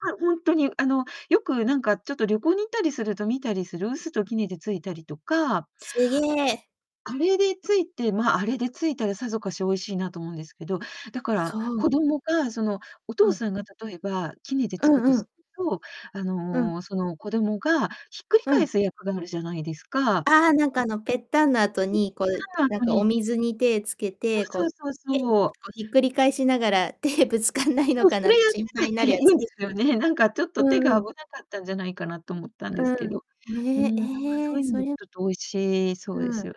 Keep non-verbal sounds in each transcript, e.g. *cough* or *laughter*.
あ、ほんとに、あの、よく、なんかちょっと旅行に行ったりすると見たりする、臼と杵でついたりとかすげ。あれでついてま、あれでついたら、さぞかし美味しいなと思うんですけど、だから、そう。子供が、その、おう父ん。さんが、例えば、杵でうつくとんうすん。ると、あうん。の、その、子どもが、ひっくりう返ん。す役があるじゃないですかああ、なんうか、ん。あの、ぺったんの後うん、に、こう、たら、なん後かおに水に手つけて、そこ、うひそうそペうン、そう。こ、ひっくり返しながら、手、ぶつかんないのそう、かそなっれやてっ心て配たっなて、いるやいんつ。ですよね。なんかちょっうと、手んうが危ん。なかったんじゃないかなと思ったんうでん、すうけん、ど。うね、ん、なんかえそうえ、いうその、ちれょっと美味しいそうでうん。すよ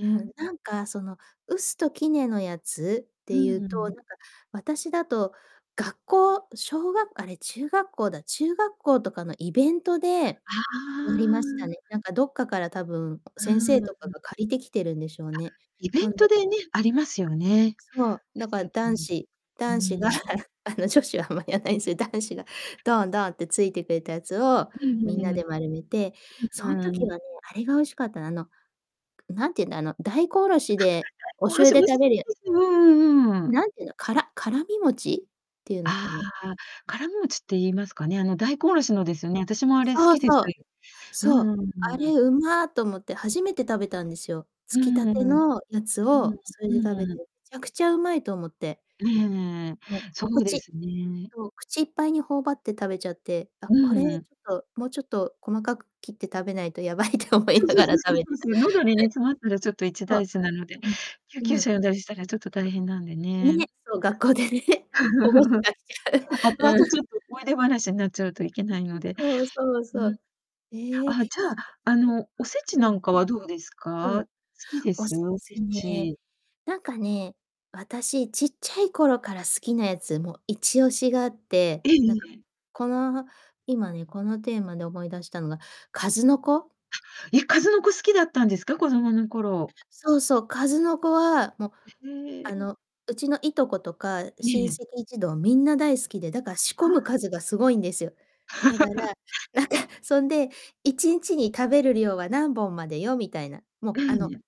うん、なんかその、臼と杵のやつっうてん、いうううと、なんん。か、私だと、学校、しょうがあれ、中学校だ、中学校とかのイベントであやりましたあ。ね。なんか、どっかから、たぶん、う先生ーとかん。が借りてきてるんでしょうあ、ね。イベほんントででね、ありますよね。そう、だから臼と男杵。子う男子が、ーん。あの、女子あんまやんないすよ、男子が、ドンドンってついてくれたやつを、うん、みんなうううん。うん、で丸めて、そんはあ、う時ん。はね、あれが美味しかった、あの、くなんて言うんだ、あの、大根おろしで、おあ、は、それ、おろ醤し油美味でしい食べるやです、うんうあれ、ん、うーん。なんて言うの、からからみ餅？っていうのあかな。あ、からみ餅って言いますかね、あの、大根おろしうのん。ですよね、あたしもあれ好そうきで、さそう、いうそんう。うんうあーれ、ん。うま！と思って、初めて食べたんですよ、うつーきたん。てうん。のやつをそれで食べて、うん。ちゃくちゃうまいと思って。ええ。もう、そおうで口すね。そう、口いっぱいに頬張って食べちゃって、あ、うこれちんうん。ょっと、もうちょっと細かく切って食べないとやばいって思いそうなそうがそらうそ食うべそてうた。そう、喉にね、詰まったら、ちょっと *chuckles* 一そう。大事なので、救うん。う急ん。車呼んだりしたらちょっと大変なんでね。ね、そう、学校でね、保護者 *chuckles* が後来ちゃう、々、うん。ちょっと思い出話になっちゃうといけないので。うんうん。そうそううそん。う。ええ、あ、すじゃっとあ、あすてはの、おせちうなん。んかはどうですうん、か？好きでおす？せおせちね、ち。なんかね、私ちっちゃい頃から好きなやつ、も、一押しがあって、ええ、なんいか、え。この、今ね、このテーマで思い出したのが、かずのこ。は、いや、かずのこ好きだったんですか？子供の頃。そうそう、かずのこは、も、え、へあえ。の、うちのいとことかええ親ええ。戚一同みんな大好きで、だから仕込は、はむあ。数がすごいんですよ。だから、*laughs* なんかそんで、1日に食べる量は何本までよ、みたいな。うも、あのん。